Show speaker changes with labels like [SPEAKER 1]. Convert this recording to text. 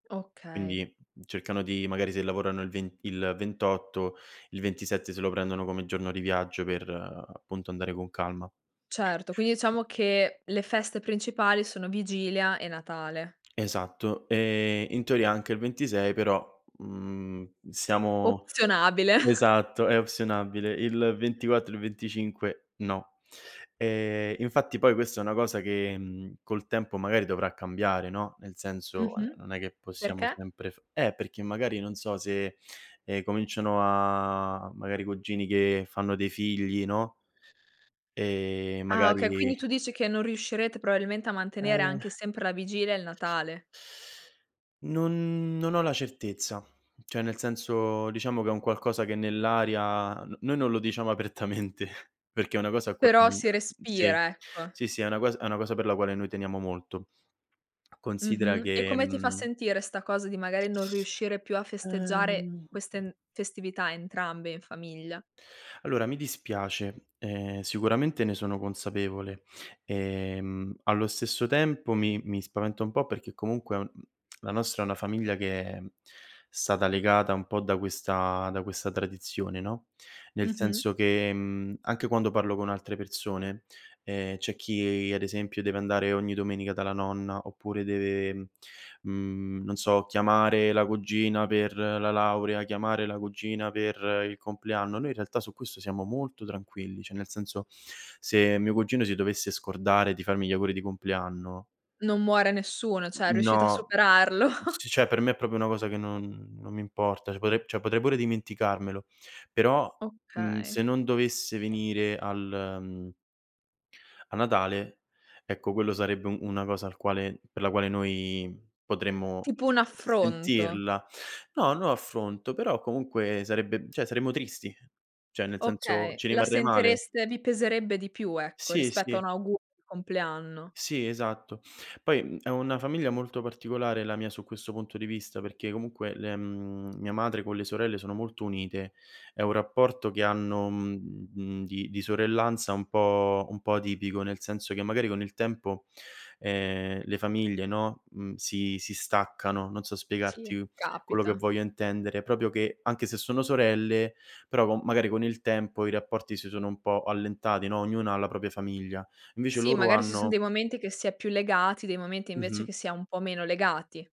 [SPEAKER 1] Okay.
[SPEAKER 2] Quindi cercano di magari se lavorano il ven il 28, il 27 se lo prendono come giorno di viaggio per, appunto, andare con calma.
[SPEAKER 1] Certo, quindi diciamo che le feste principali sono vigilia e Natale.
[SPEAKER 2] Esatto e in teoria anche il 26 però, mhmm, siamo
[SPEAKER 1] Opzionabile.
[SPEAKER 2] esatto, è opzionabile, il 24 e il 25, no. E infatti poi questa è una cosa che, mhmm, col tempo magari dovrà cambiare, no, nel senso, ehm,
[SPEAKER 1] Mh-mh,
[SPEAKER 2] non è che possiamo
[SPEAKER 1] perché?
[SPEAKER 2] sempre f eh, perché magari non so se, ehm, cominciano a magari cugini che fanno dei figli, no, e
[SPEAKER 1] Ah okay, quindi
[SPEAKER 2] magari
[SPEAKER 1] tu dici che non riuscirete probabilmente a mantenere
[SPEAKER 2] Eh.
[SPEAKER 1] anche sempre la vigilia e il Natale.
[SPEAKER 2] Non non ho la certezza, cioè nel senso diciamo che è un qualcosa che nell'aria n noi non lo diciamo apertamente, perché è una cosa
[SPEAKER 1] Però
[SPEAKER 2] [unintelligible]
[SPEAKER 1] si
[SPEAKER 2] sì,
[SPEAKER 1] respira, ecco.
[SPEAKER 2] sì, sì, è una cosa è una cosa per la quale noi teniamo molto. Considera
[SPEAKER 1] Mh-mh. E
[SPEAKER 2] che,
[SPEAKER 1] come ti fa
[SPEAKER 2] mhmm
[SPEAKER 1] sentire sta cosa di magari non riuscire più a festeggiare
[SPEAKER 2] Ehm
[SPEAKER 1] queste m festività entrambe in famiglia?
[SPEAKER 2] Allora, mi dispiace, ehm, sicuramente ne sono consapevole, ehm, allo stesso tempo mi mi spaventa un po' perché comunque, mhmm, la nostra è una famiglia che è stata legata un po' da questa da questa tradizione, no, nel
[SPEAKER 1] Mh-mh.
[SPEAKER 2] senso che, mhmm, anche quando parlo con altre persone, ehm, c'è chi ad esempio deve andare ogni domenica dalla nonna oppure deve, mhmm, non so chiamare la cugina per la laurea, chiamare la cugina per il compleanno, noi in realtà su questo siamo molto tranquilli, cioè nel senso: se mio cugino si dovesse scordare di farmi gli auguri di compleanno
[SPEAKER 1] Non muore nessuno, cioè
[SPEAKER 2] N
[SPEAKER 1] riuscite a
[SPEAKER 2] no,
[SPEAKER 1] superarlo.
[SPEAKER 2] c cioè per me è proprio una cosa che non non mi importa, cioè potre cioè potrei pure dimenticarmelo, però, mhmm,
[SPEAKER 1] Okay.
[SPEAKER 2] se non dovesse venire al mhmm, a Natale, ecco quello sarebbe u una cosa al quale per la quale noi potremmo
[SPEAKER 1] Tipo un affronto.
[SPEAKER 2] sentirla. No, no affronto, però comunque sarebbe cioè saremmo tristi, cioè nel senso
[SPEAKER 1] Okay,
[SPEAKER 2] ci
[SPEAKER 1] la
[SPEAKER 2] rimarrei male.
[SPEAKER 1] sentireste vi peserebbe di più, ecco,
[SPEAKER 2] Sì,
[SPEAKER 1] rispetto a
[SPEAKER 2] sì.
[SPEAKER 1] un augurio di compleanno.
[SPEAKER 2] Sì, esatto. Poi, mhmm, è una famiglia molto particolare la mia su questo punto di vista, perché comunque le mhmm, mia madre con le sorelle sono molto unite, è un rapporto che hanno, mhmm, di di sorellanza un po' un po' atipico, nel senso che magari con il tempo, ehm, le famiglie, no, mhmm, si si staccano, non so
[SPEAKER 1] Sì,
[SPEAKER 2] spiegarti quello che
[SPEAKER 1] capita.
[SPEAKER 2] voglio intendere, proprio che, anche se sono sorelle, però co magari con il tempo i rapporti si sono un po' allentati, no, ognuno ha la propria famiglia. Invece
[SPEAKER 1] Sì,
[SPEAKER 2] loro
[SPEAKER 1] magari si son
[SPEAKER 2] hanno
[SPEAKER 1] dei momenti che si è più legati, dei momenti invece
[SPEAKER 2] Mh-mh.
[SPEAKER 1] che si è un po' meno legati.